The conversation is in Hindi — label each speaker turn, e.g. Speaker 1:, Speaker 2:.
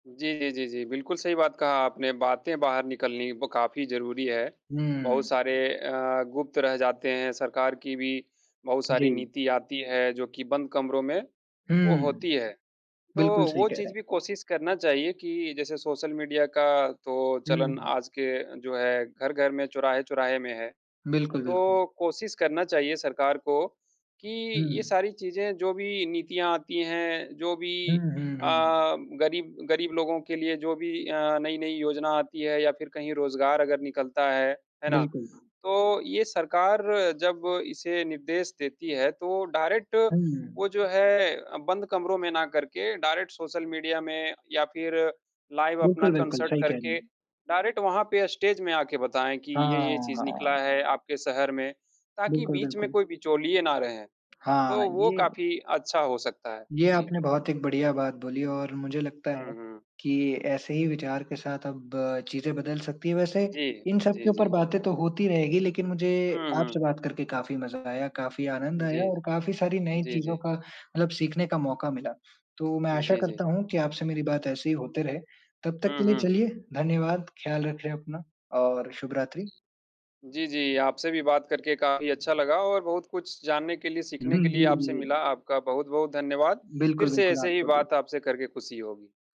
Speaker 1: जी, जी, जी, जी। बिल्कुल, सही बात कहा आपने, बातें बाहर निकलनी ब काफ़ी ज़रूरी है। बहुत
Speaker 2: हुँ।
Speaker 1: सारे अ, गुप्त रह जाते हैं, सरकार की भी बहुत सारी
Speaker 2: जी।
Speaker 1: नीति आती है जो कि बंद कमरों में वो
Speaker 2: हुँ।
Speaker 1: होती है। तो
Speaker 2: बिल्कुल सही
Speaker 1: वो
Speaker 2: कह रहे
Speaker 1: चीज़ भी
Speaker 2: हैं।
Speaker 1: कोशिश करना चाहिए कि जैसे सोशल मीडिया का तो
Speaker 2: हुँ,
Speaker 1: चलन
Speaker 2: हुँ।
Speaker 1: आज के जो है घर-घर में, चौराहे-चौराहे में है।
Speaker 2: बिल्कुल, बिल्कुल।
Speaker 1: तो कोशिश करना चाहिए सरकार को कि ये
Speaker 2: हुँ।
Speaker 1: सारी चीज़ें जो भी नीतियाँ आती हैं, जो
Speaker 2: हुँ,
Speaker 1: भी
Speaker 2: हुँ,
Speaker 1: अ,
Speaker 2: हुँ।
Speaker 1: गरीब गरीब लोगों के लिए जो भी अ, नई-नई योजना आती है या फ़िर कहीं रोज़गार अगर निकलता है। है ना?
Speaker 2: बिल्कुल।
Speaker 1: तो ये सरकार जब इसे निर्देश देती है तो डायरेक्ट वो
Speaker 2: हुँ।
Speaker 1: जो है बंद कमरों में ना करके डायरेक्ट सोशल मीडिया में या फ़िर लाइव अपना
Speaker 2: बिल्कुल, बिल्कुल
Speaker 1: कॉन्सर्ट
Speaker 2: सही कह रहे
Speaker 1: करके
Speaker 2: हैं।
Speaker 1: डायरेक्ट वहाँ पे स्टेज में आ के बताएँ कि
Speaker 2: हाँ,
Speaker 1: ये-ये चीज़ निकला
Speaker 2: हाँ।
Speaker 1: है आपके शहर में। ताकि
Speaker 2: बिल्कुल,
Speaker 1: बीच में
Speaker 2: बिल्कुल।
Speaker 1: कोई बिचौलिये ना रहें,
Speaker 2: हाँ
Speaker 1: तो वो
Speaker 2: ये
Speaker 1: काफ़ी अच्छा हो सकता है।
Speaker 2: ये
Speaker 1: जी।
Speaker 2: आपने बहुत एक बढ़िया बात बोली और मुझे लगता है
Speaker 1: हुँ, हुँ।
Speaker 2: कि ऐसे ही विचार के साथ अब चीज़ें बदल सकती हैं। वैसे
Speaker 1: जी।
Speaker 2: इन
Speaker 1: जी,
Speaker 2: सबके ऊपर
Speaker 1: जी।
Speaker 2: बातें तो होती रहेगी लेकिन मुझे
Speaker 1: हुँ,
Speaker 2: आपसे
Speaker 1: हुँ।
Speaker 2: बात करके काफ़ी मज़ा आया, काफ़ी आनंद आया
Speaker 1: जी,
Speaker 2: और
Speaker 1: जी।
Speaker 2: काफ़ी सारी नई
Speaker 1: जी,
Speaker 2: चीज़ों
Speaker 1: जी।
Speaker 2: का मतलब सीखने का मौका मिला। तो मैं आशा
Speaker 1: जी, जी।
Speaker 2: करता हूँ कि आपसे मेरी बात ऐसे ही होते रहे। तब तक
Speaker 1: हुँ,
Speaker 2: के लिए
Speaker 1: हुँ।
Speaker 2: चलिए धन्यवाद, ख्याल रखें अपना और शुभ रात्रि।
Speaker 1: जी, जी। आपसे भी बात करके काफ़ी अच्छा लगा और बहुत कुछ जानने के लिए, सीखने
Speaker 2: उहुँ,
Speaker 1: के
Speaker 2: जी,
Speaker 1: लिए आपसे
Speaker 2: जी।
Speaker 1: मिला। आपका बहुत-बहुत धन्यवाद फ़िर
Speaker 2: बिल्कुल,
Speaker 1: से
Speaker 2: बिल्कुल
Speaker 1: ऐसे ही
Speaker 2: आपको भी।
Speaker 1: बात आपसे करके ख़ुशी होगी।